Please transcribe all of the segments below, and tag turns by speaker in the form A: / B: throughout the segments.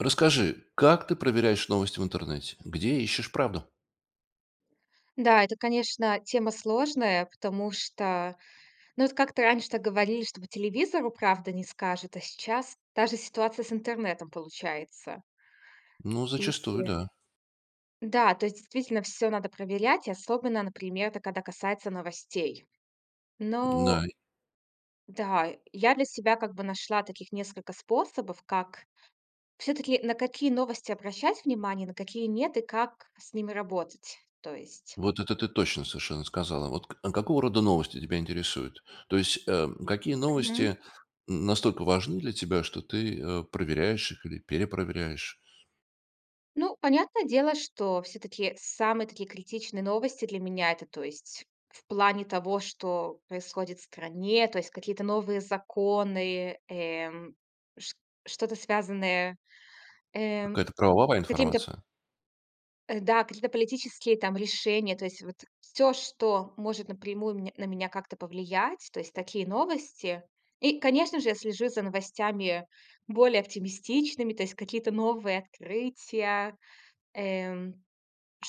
A: Расскажи, как ты проверяешь новости в интернете? Где ищешь правду?
B: Да, это, конечно, тема сложная, потому что, ну вот как-то раньше так говорили, что по телевизору правду не скажут, а сейчас даже ситуация с интернетом получается.
A: Ну
B: И,
A: зачастую,
B: э
A: да.
B: Да, то есть действительно всё надо проверять. Особенно, например, это когда касается новостей. Но
A: М-да и
B: Да, я для себя, как бы, нашла таких несколько способов, как всё-таки, на какие новости обращать внимание, на какие нет и как с ними работать, то есть.
A: Вот это ты точно совершенно сказала. Вот к а какого рода новости тебя интересуют? То есть, э, какие
B: Мгм.
A: новости, м, настолько важны для тебя, что ты, э, проверяешь их или перепроверяешь?
B: Ну, понятное дело, что всё-таки самые такие критичные новости для меня- это, то есть в плане того, что происходит в стране, то есть какие-то новые законы, эм, ш что-то связанное, э,
A: Какая-то правовая
B: какими-то
A: информация?
B: Э, да, какие-то политические там решения, то есть вот всё, что может напрямую меня на меня как-то повлиять, то есть такие новости. И, конечно же, я слежу за новостями более оптимистичными, то есть какие-то новые открытия, эм,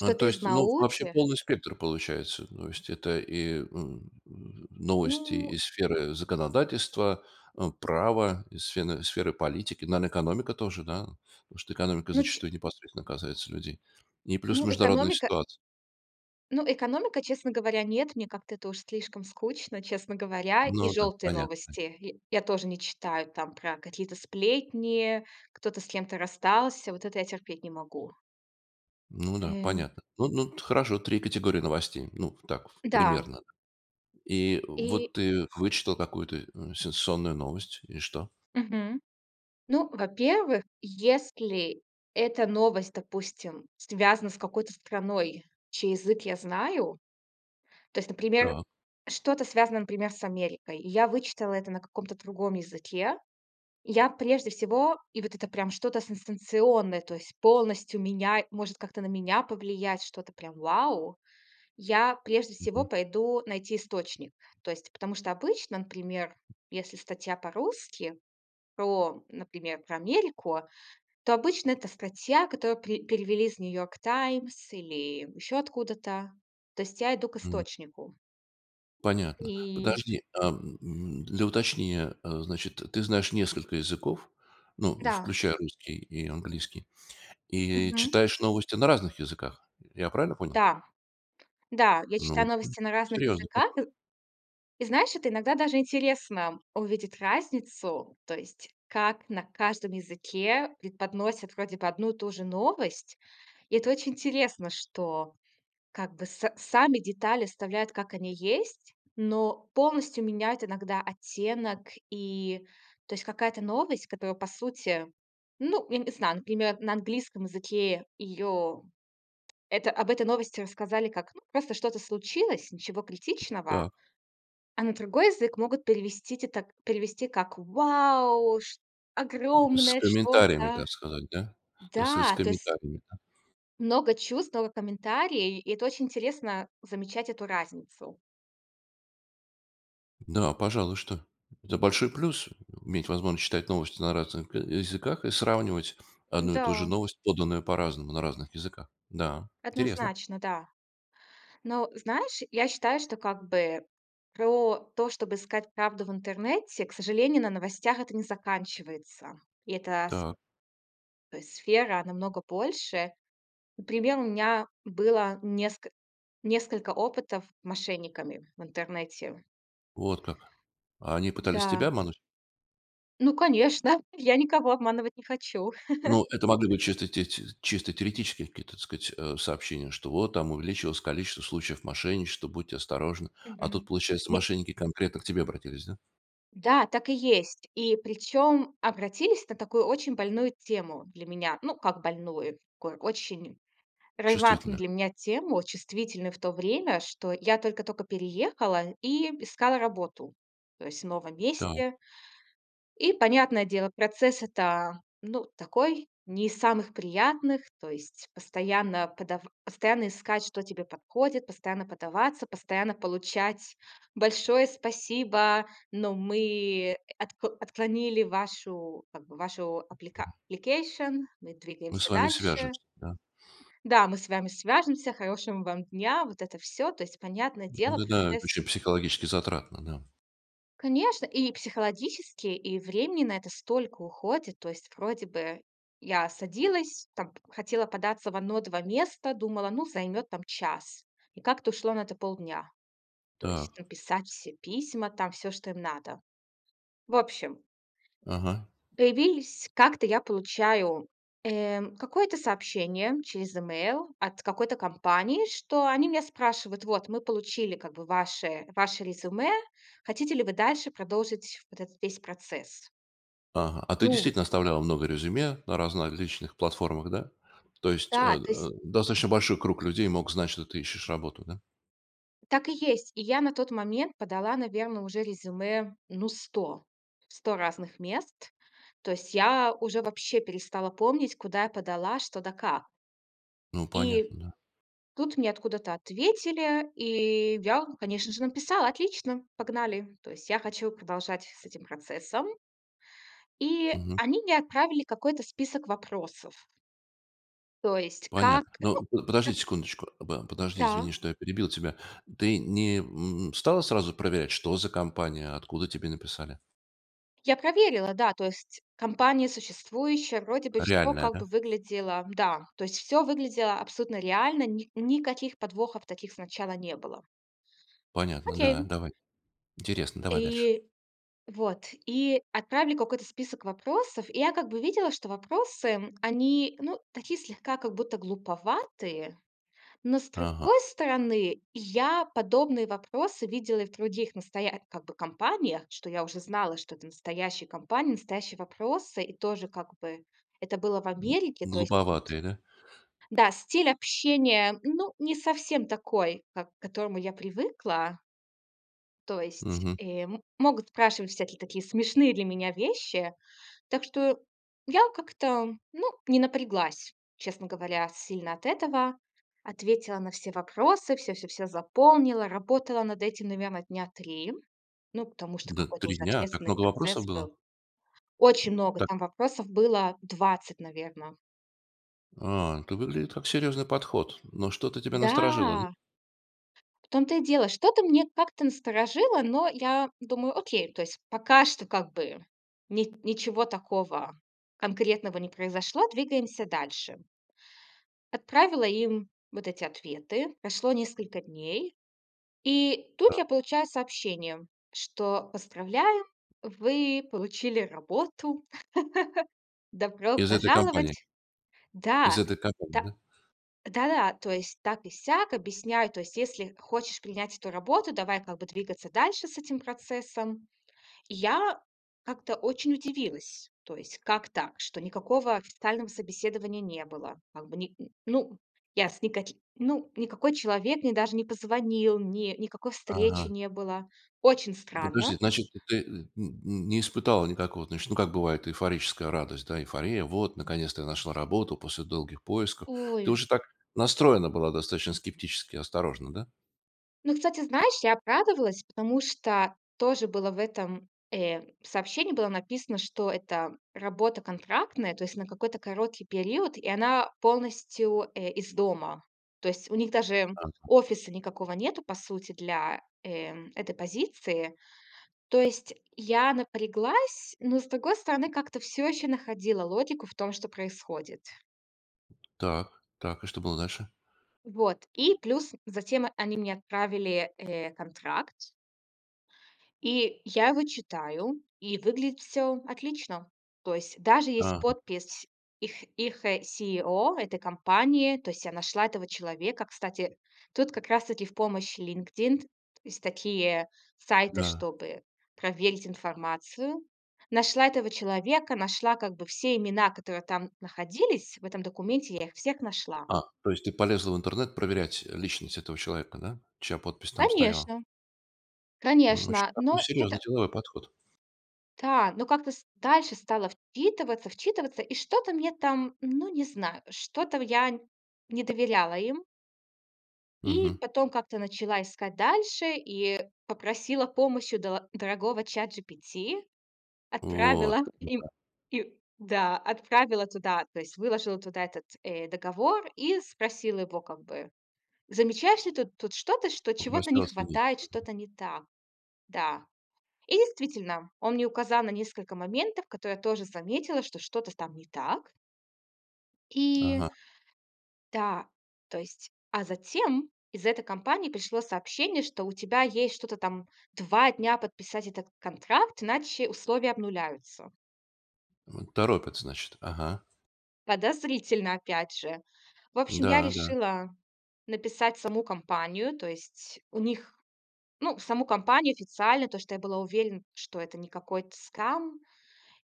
A: EА, то
B: из
A: есть, ну, вообще
B: науки.
A: полный спектр получается, то есть это и м, новости
B: Ну
A: из сферы законодательства, э, права, из сфены сферы политики. Наверно, экономика тоже, да? Потому что экономика
B: Ну, ч
A: зачастую непосредственно касается людей. И плюс
B: Ну,
A: международные
B: экономика
A: ситуаци
B: Ну, экономика, честно говоря, нет. Мне как-то это уж слишком скучно, честно говоря, и
A: Ну да,
B: желтые
A: понятно.
B: новости я я тоже не читаю. Там про какие-то сплетни, кто-то с кем-то расстался- вот это я терпеть не могу.
A: Ну да,
B: Эм.
A: понятно, ну ну, т хорошо, 3 категории новостей, ну, так
B: Н-да.
A: примерно. И
B: И
A: вот ты вычитал какую-то, м, сенсационную новость, и что?
B: Мгм. Ну, во-первых, если эта новость, допустим, связана с какой-то страной, чей язык я знаю. То есть, например,
A: Так.
B: что-то связано, например, с Америкой. И я вычитала это на каком-то другом языке. Я прежде всего и вот это прям что-то сенсационное, то есть полностью меняй может как-то на меня повлиять, что-то прям вау! Я прежде всего
A: Мгм.
B: пойду найти источник, то есть, потому что обычно, например, если статья по-русски про, например, про Америку, то обычно это статья, которую пре перевели из New York Times или еще откуда-то. То есть я иду к
A: М.
B: источнику.
A: Понятно.
B: И
A: Подожди, ам, м, для уточнения, э, значит, ты знаешь несколько языков, ну,
B: Да.
A: включая русский и английский, и
B: Мгм.
A: читаешь новости на разных языках. Я правильно понял?
B: Да. Да, я
A: Ну,
B: читаю
A: м,
B: новости на разных
A: серьезный
B: языках
A: подход.
B: ы И знаешь, это иногда даже интересно увидеть разницу, то есть как на каждом языке преподносят вроде бы одну и ту же новость. И это очень интересно, что как бы с сами детали оставляют, как они есть, но полностью меняют иногда оттенок и, то есть какая-то новость, которая по сути ну, я не знаю, например, на английском языке её это об этой новости рассказали, как, просто что-то случилось, ничего критичного.
A: Так.
B: А на другой язык могут перевести те так, перевести как: "Вау! Ш
A: С
B: Огромное
A: комментариями,
B: что-то!"
A: так сказать, да? Так сказать, с
B: Да, то ес
A: комментариями.
B: Много чувствовало комментарии, и это очень интересно- замечать эту разницу.
A: Да, пожалуй, что это большой плюс- иметь возможность читать новости на разных к языках и сравнивать одну и ту же
B: М-да.
A: новость, поданную по-разному, на разных языках. Да, интересно.
B: Однозначно, да. Но, знаешь, я считаю, что, как бы, про то, чтобы искать правду в интернете, к сожалению, на новостях это не заканчивается. И эта с
A: Так.
B: то есть сфера намного больше. Например, у меня было неск несколько опытов мошенниками в интернете.
A: Вот как. А они пытались тебя
B: Да.
A: обмануть?
B: Ну, конечно, я никого обманывать не хочу.
A: Ну, это могли бы чисто те ти чисто теоретические какие, так сказать, а, сообщения, что вот там увеличилось количество случаев мошенничества, будьте осторожны. А тут,
B: Мгм.
A: получается,
B: Не
A: мошенники конкретно к тебе обратились, да?
B: Да, так и есть. И причём обратились на такую очень больную тему для меня. Ну, как больную, очень релевантную
A: Чувствительно.
B: для меня тему, чувствительную в то время, что я только-только переехала и искала работу, то есть в новом
A: Так.
B: месте. И, понятное дело, процесс это, ну, такой- не из самых приятных, то есть постоянно подав постоянно искать, что тебе подходит, постоянно подаваться, постоянно получать: "Большое спасибо, но мы отк отклонили вашу, как бы, вашу аплика application, мы
A: Мы с
B: двигаемся
A: вами
B: дальше".
A: свяжемся, да?
B: Да, мы с вами свяжемся, хорошего вам дня, вот это всё. То есть, понятное дело,
A: Да-да, это
B: процесс
A: ещё психологически затратно, да.
B: Конечно, и психологически, и времени на это столько уходит, то есть вроде бы я садилась, там хотела податься в 1-2 места, думала, ну, займёт там час. И как-то ушло на это полдня. То
A: Так.
B: есть написать все письма, там всё, что им надо. В общем,
A: Ага.
B: появились как-то, я получаю, э, какое-то сообщение через имейл от какой-то компании, что они меня спрашивают: "Вот мы получили как бы ваше ваше резюме, хотите ли вы дальше продолжить вот это весь процесс?"
A: Ага, а ты
B: Новый.
A: действительно оставляла много резюме на различных платформах, да? То есть, э,
B: Да, то есть.
A: э, достаточно большой круг людей мог знать, что ты ищешь работу, да?
B: Так и есть. И я на тот момент подала, наверно, уже резюме, ну, 100. В 100 разных мест, то есть я уже вообще перестала помнить куда я подала, что да как.
A: Ну, понятно,
B: И
A: да.
B: тут мне откуда-то ответили и я, конечно же, написала: отлично, погнали. То есть я хочу продолжать с этим процессом. И
A: Мгм.
B: они мне отправили какой-то список вопросов. То есть как?
A: Понятно,
B: Ну,
A: ну, п подожди
B: ну.
A: секундочку, да, подожди,
B: Да.
A: извини, что я перебил тебя. Ты не, м, стала сразу проверять, что за компания, откуда тебе написали?
B: Я проверила, да. То есть компания существующая, вроде бы всё,
A: Реальная,
B: как бы
A: да?
B: выглядело Да, То есть всё выглядело абсолютно реально, ни никаких подвохов таких сначала не было.
A: Понятно, да,
B: Окей.
A: давай. Интересно, давай дальше.
B: И вот, и отправили какой-то список вопросов, и я как бы видела, что вопросы, они, ну, такие слегка, как будто глуповатые, но, с другой
A: Ага.
B: стороны, я подобные вопросы видела и в других настоя как бы компаниях, что я уже знала, что это настоящая компания, настоящие вопросы, и тоже как бы это было в
A: М.
B: Америке, то есть. Тут.
A: Глуповатые, да?
B: Да, стиль общения, ну, не совсем такой, как к которому я привыкла. То есть
A: Мгм.
B: и могут спрашивать всякие такие смешные для меня вещи. Так что я как-то, ну, не напряглась, честно говоря, сильно от этого. Ответила на все вопросы, всё всё всё заполнила, работала над этим, наверно, дня 3. Ну, потому что
A: Да,
B: какой-то
A: 3
B: уже
A: дня, а так
B: ответственный
A: много вопросов
B: процесс
A: было!
B: был.
A: М,
B: Очень
A: м.
B: много
A: Так.
B: там вопросов было 20, наверно.
A: А, это выглядит как серьезный подход, но что-то тебя насторожило, да?
B: Да. В том то и дело, что-то мне как-то насторожило, но я думаю: "Окей, то есть пока что как бы ни ничего такого конкретного не произошло, двигаемся дальше". Отправила им вот эти ответы. Прошло несколько дней и тут
A: Та
B: я получаю сообщение, что поздравляю, вы получили работу. Добро
A: Из этой компании.
B: пожаловать!
A: Из
B: Да!
A: этой компании.
B: Та
A: Да?
B: Да-да, то есть так и сяк, объясняю, то есть если хочешь принять эту работу, давай как бы двигаться дальше с этим процессом. И я как-то очень удивилась, то есть как так, что никакого официального собеседования не было как бы ни ну я с никаки ну никакой человек мне даже не позвонил, не никакой встречи
A: Ага.
B: не было. Очень
A: Подожди,
B: странно.
A: значит, то ты, э, м, м, не испытала никакого, значит, ну как бывает эйфорическая радость, да? Эйфория: вот наконец-то я нашла работу после долгих поисков. Ты
B: Ой.
A: уже так настроена была достаточно скептически, осторожно, да?
B: Ну, кстати, знаешь, я обрадовалась, потому что тоже было в этом, э, сообщении, было написано, что это работа контрактная, то есть на какой-то короткий период и она полностью, э, из дома. То есть у них даже
A: Ага.
B: офиса никакого нету, по сути, для, э, этой позиции. То есть я напряглась, но с другой стороны как-то всё ещё находила логику в том, что происходит.
A: Так, так, и что было дальше?
B: Вот. И плюс затем они мне отправили, э, контракт. И я его читаю и выглядит всё отлично. То есть даже есть
A: Ага.
B: подпись их их, э, CEO этой компании. То есть я нашла этого человека. Кстати, тут как раз-таки в помощь LinkedIn. Есть такие сайты,
A: Да.
B: чтобы проверить информацию. Нашла этого человека, нашла как бы все имена, которые там находились, в этом документе. Я их всех нашла.
A: А, то есть ты полезла в интернет проверять личность этого человека да, чья подпись там стояла?
B: Конечно!
A: М, очень
B: Конечно!
A: такой
B: Но
A: серьезный
B: это
A: деловой подход.
B: Да. Но как-то ст дальше стала вчитываться, вчитываться и что-то мне там ну, не знаю что-то в я не доверяла им. И
A: Мгм.
B: потом как-то начала искать дальше и попросила помощи у до дорогого ChatGPT.
A: Вот.
B: Отправила им
A: Да.
B: и да, отправила туда, то есть выложила туда этот, э, договор и спросила его как бы: "Замечаешь ли ты тут что-то, что чего-то не
A: Попросила оценить.
B: хватает,
A: Мгм.
B: что-то не так?" Да. И действительно, он мне указал на несколько моментов, которые я тоже заметила, что что-то там не так. И
A: Ага.
B: Да. То есть, а затем из этой компании пришло сообщение что у тебя есть что-то там 2 дня подписать этот контракт иначе условия обнуляются.
A: М, торопят значит. Ага.
B: Подозрительно опять же. В общем, я
A: Да, да.
B: решила написать в саму компанию, то есть у них, ну, в саму компанию официально, то, что я была уверена, что это не какой-то скам.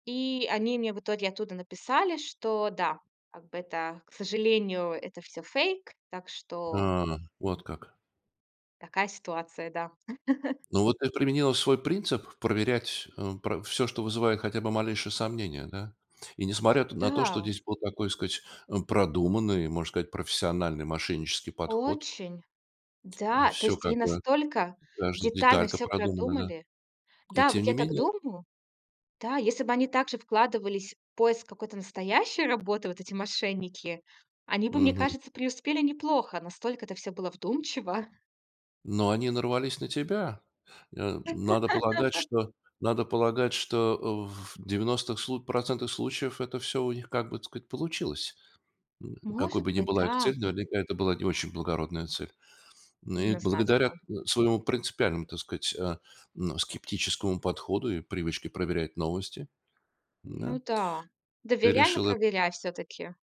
B: И они мне в итоге оттуда написали, что да как бы это, к сожалению, это всё фейк. Так что.
A: А. Вот как.
B: Такая ситуация, да.
A: Ну вот ты применила свой принцип проверять, э, про всё, что вызывает хотя бы малейшие сомнение да, и несмотря т на то, что
B: Да.
A: здесь был такой сказать продуманный, можно сказать, профессиональный мошеннический подход.
B: Очень. Да, то
A: Всё
B: есть
A: как
B: они
A: бы,
B: настолько
A: каждая
B: детально
A: деталька
B: всё
A: продумана, да,
B: продумали.
A: и
B: Да, вот
A: тем
B: я
A: не
B: так
A: менее.
B: думаю. Да, если бы они также вкладывались в поиск какой-то настоящей работы, вот эти мошенники, они бы, мне
A: Мгм.
B: кажется, преуспели неплохо, настолько это всё было вдумчиво.
A: Но они нарвались на тебя? Э, надо полагать, что надо полагать что, э, в 90 слу процентов случаев это всё у них, как бы это сказать, получилось. М, какой
B: Может
A: бы ни
B: быть,
A: была их
B: да.
A: цель, наверняка это была не очень благородная цель. Ну, и благодаря, э,
B: [unintelligible]
A: своему принципиальному, так сказать, а, ну, скептическому подходу и привычке проверять новости,
B: Ну
A: м-да?
B: да.
A: Ты
B: Доверяй, но
A: решила
B: проверяй всё-таки.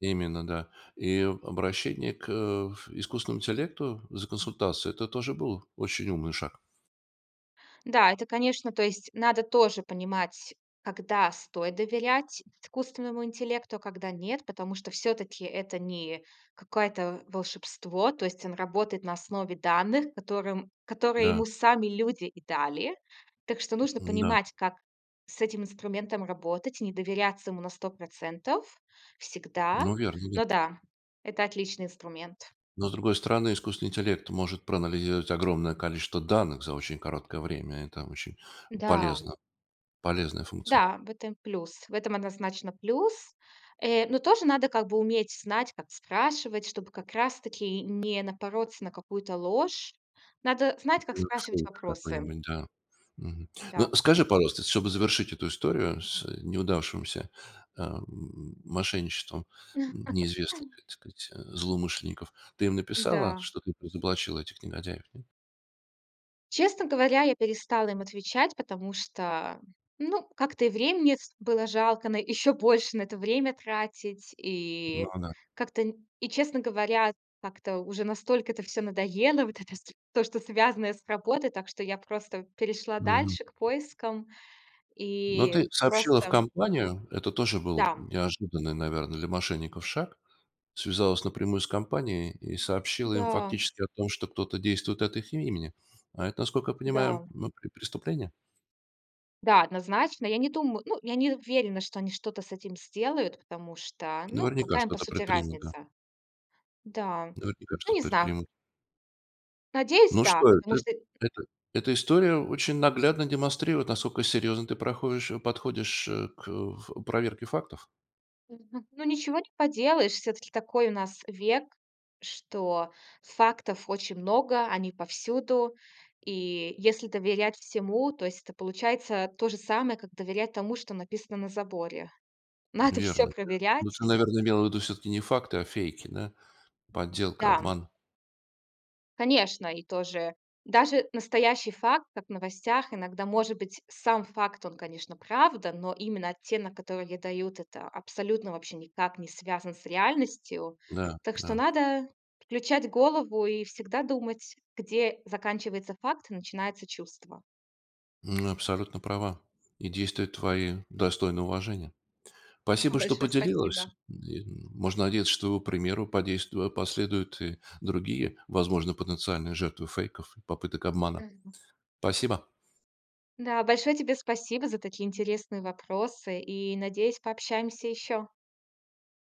A: Именно, да. И обращение к, э, ф искусственному интеллекту за консультацией- это тоже был очень умный шаг.
B: Да, это конечно то есть надо тоже понимать, когда стоит доверять искусственному интеллекту, а когда нет, потому что всё-таки это не какое-то волшебство, то есть он работает на основе данных, которым которые
A: Да.
B: ему сами люди и дали. Так что нужно
A: М-да.
B: понимать, как с этим инструментом работать и не доверяться ему на 100 % всегда.
A: Ну, верно, верно.
B: Но да, это отличный инструмент.
A: Но с другой стороны, искусственный интеллект может проанализировать огромное количество данных за очень короткое время и там очень
B: Да.
A: полезно полезная функция.
B: Да, в этом плюс. В этом однозначно плюс. Э, но тоже надо как бы уметь: знать, как спрашивать, чтобы как раз-таки не напороться на какую-то ложь. Надо знать, как спрашивать
A: [unintelligible]
B: вопросы.
A: Какой-нибудь, да. Мгм.
B: Да.
A: Но скажи, пожалуйста, чтобы завершить эту историю с неудавшимся, а, м, мошенничеством, м, неизвестных, так сказать, злоумышленников. Ты им написала,
B: Да.
A: что ты их разоблачила, этих негодяев, нет?
B: Честно говоря, я перестала им отвечать, потому что ну как-то и времени с было жалко на еще больше на это время тратить и
A: Ну да.
B: как-то н и честно говоря как-то уже настолько это всё надоело вот это с то, что связанное с работой, так что я просто перешла
A: Мгм.
B: дальше к поискам
A: Но
B: и
A: ты сообщила в
B: просто
A: компанию, это тоже был
B: Да.
A: неожиданный, наверно, для мошенников шаг, связалась напрямую с компанией и сообщила им
B: Да.
A: фактически о том, что кто-то действует от их имени, а это, насколько я понимаю,
B: Да.
A: ну пре преступление?
B: Да, однозначно, я не дум ну, я не уверена, что они что-то с этим сделают, потому что ну
A: Наверняка
B: какая им по
A: что-то
B: сути
A: предпринято.
B: разница. Да,
A: Наверняка
B: ну
A: что-то
B: не знаю.
A: предпримут.
B: Надеюсь
A: Ну
B: да.
A: что
B: Потому
A: эта
B: что
A: эта эта история очень наглядно демонстрирует, насколько серьезно ты проходишь, э, подходишь, э, к ф проверке фактов.
B: Мгм, ну ничего не поделаешь. Все-таки такой у нас век, что фактов очень много, они повсюду, и если доверять всему, то есть это получается то же самое, как доверять тому, что написано на заборе. Надо всё
A: Верно, ты, ну ты
B: проверять.
A: наверно, имела ввиду всё-таки не факты, а фейки, да, подделка,
B: Да.
A: обман.
B: Конечно, и тоже даже настоящий факт, как в новостях, иногда может быть сам факт, он, конечно, правда, но именно оттенок, который ей дают, это абсолютно вообще никак не связан с реальностью.
A: Да,
B: Так что
A: да.
B: надо включать голову и всегда думать, где заканчивается факт и начинается чувство.
A: М, абсолютно права, и действия твои достойны уважения.
B: Да.
A: Спасибо, что
B: Большое
A: поделилась.
B: спасибо.
A: И н можно надеяться, что его примеру подейству а, последуют и другие, возможно, потенциальные жертвы фейков и попыток обмана.
B: Мгм.
A: Спасибо.
B: Да. Большое тебе спасибо за такие интересные вопросы и надеюсь пообщаемся еще.